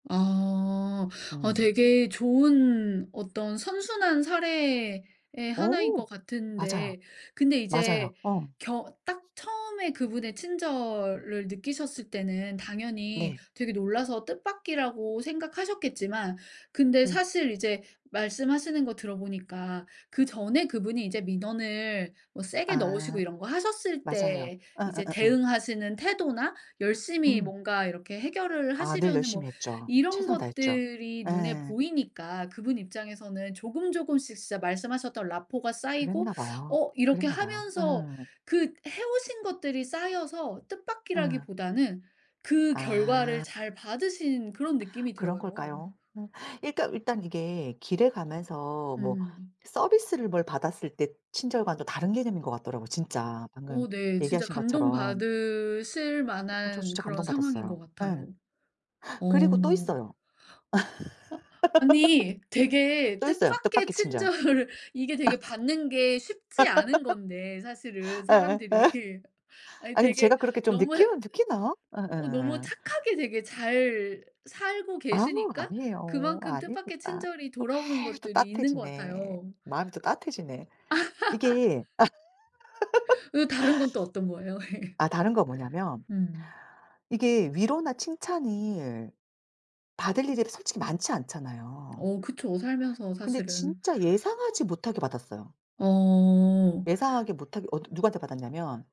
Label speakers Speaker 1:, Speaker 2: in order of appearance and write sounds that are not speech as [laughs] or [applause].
Speaker 1: 아. 아
Speaker 2: 음.
Speaker 1: 되게 좋은 어떤 선순환 사례의
Speaker 2: 어
Speaker 1: 하나인 것
Speaker 2: 맞아요.
Speaker 1: 같은데 근데
Speaker 2: 맞아요.
Speaker 1: 이제
Speaker 2: 어.
Speaker 1: 경 딱 처음에 그분의 친절을 느끼셨을 때는 당연히
Speaker 2: 네.
Speaker 1: 되게 놀라서 뜻밖이라고 생각하셨겠지만 근데
Speaker 2: 음.
Speaker 1: 사실 이제 말씀하시는 거 들어 보니까 그전에 그분이 이제 민원을 어 세게 넣으시고
Speaker 2: 아.
Speaker 1: 이런 거 하셨을
Speaker 2: 맞아요.
Speaker 1: 때
Speaker 2: 어어어
Speaker 1: 이제
Speaker 2: 예.
Speaker 1: 대응하시는 태도나 열심히
Speaker 2: 음.
Speaker 1: 뭔가 이렇게 해결을
Speaker 2: 아 늘
Speaker 1: 하시려는 뭐
Speaker 2: 열심히 했죠.
Speaker 1: 이런
Speaker 2: 최선을 다했죠.
Speaker 1: 것들이 눈에
Speaker 2: 예.
Speaker 1: 보이니까 그분 입장에서는 조금조금씩 진짜 말씀하셨던 라포가 쌓이고
Speaker 2: 그랬나봐요.
Speaker 1: 어 이렇게
Speaker 2: 그랬나봐요.
Speaker 1: 하면서
Speaker 2: 응.
Speaker 1: 그 해 오신 것들이 쌓여서 뜻밖이라기
Speaker 2: 예.
Speaker 1: 보다는 그 결과를
Speaker 2: 아.
Speaker 1: 잘 받으신 그런 느낌이
Speaker 2: 그런
Speaker 1: 들어요.
Speaker 2: 걸까요? 일단 일단 이게 길에 가면서 뭐
Speaker 1: 음.
Speaker 2: 서비스를 뭘 받았을 때 친절과는 또 다른 개념인 것 같더라고요, 진짜 방금
Speaker 1: 어 네. 진짜
Speaker 2: 얘기하신 것처럼.
Speaker 1: 감동받으실
Speaker 2: 아 저
Speaker 1: 만한
Speaker 2: 진짜
Speaker 1: 그런 상황인
Speaker 2: 감동받았어요.
Speaker 1: 것
Speaker 2: 예.
Speaker 1: 같아요.
Speaker 2: 그리고 또
Speaker 1: 어.
Speaker 2: 있어요.
Speaker 1: 어? 아니
Speaker 2: [laughs]
Speaker 1: 되게
Speaker 2: 또 있어요
Speaker 1: 뜻밖의
Speaker 2: 뜻밖의 친절.
Speaker 1: 친절을 이게 되게
Speaker 2: [laughs]
Speaker 1: 받는 게 쉽지 않은 건데 사실은
Speaker 2: [laughs] 예예. 예.
Speaker 1: 사람들이. 아니
Speaker 2: 아니 근데
Speaker 1: 되게
Speaker 2: 제가 그렇게 좀
Speaker 1: 너무
Speaker 2: 느낌을 느끼나?
Speaker 1: 어 너무
Speaker 2: 예예예.
Speaker 1: 착하게 되게 잘 살고
Speaker 2: 아우
Speaker 1: 계시니까
Speaker 2: 아니에요.
Speaker 1: 그만큼 뜻밖의
Speaker 2: 아닙니다.
Speaker 1: 친절이 돌아오는
Speaker 2: 아유 또
Speaker 1: 것들이 있는 것
Speaker 2: 따뜻해지네.
Speaker 1: 같아요.
Speaker 2: 마음이 또 따뜻해지네. 이게
Speaker 1: [laughs] 어 다른 건 또 어떤 거에요?
Speaker 2: [laughs]
Speaker 1: 예.
Speaker 2: 아 다른 거 뭐냐면
Speaker 1: 음.
Speaker 2: 이게 위로나 칭찬을 받을 일이 솔직히 많지 않잖아요.
Speaker 1: 어 그쵸. 살면서
Speaker 2: 근데
Speaker 1: 사실은.
Speaker 2: 진짜 예상하지 못하게 받았어요.
Speaker 1: 어.
Speaker 2: 예상하게 못하게 어 누구한테 받았냐면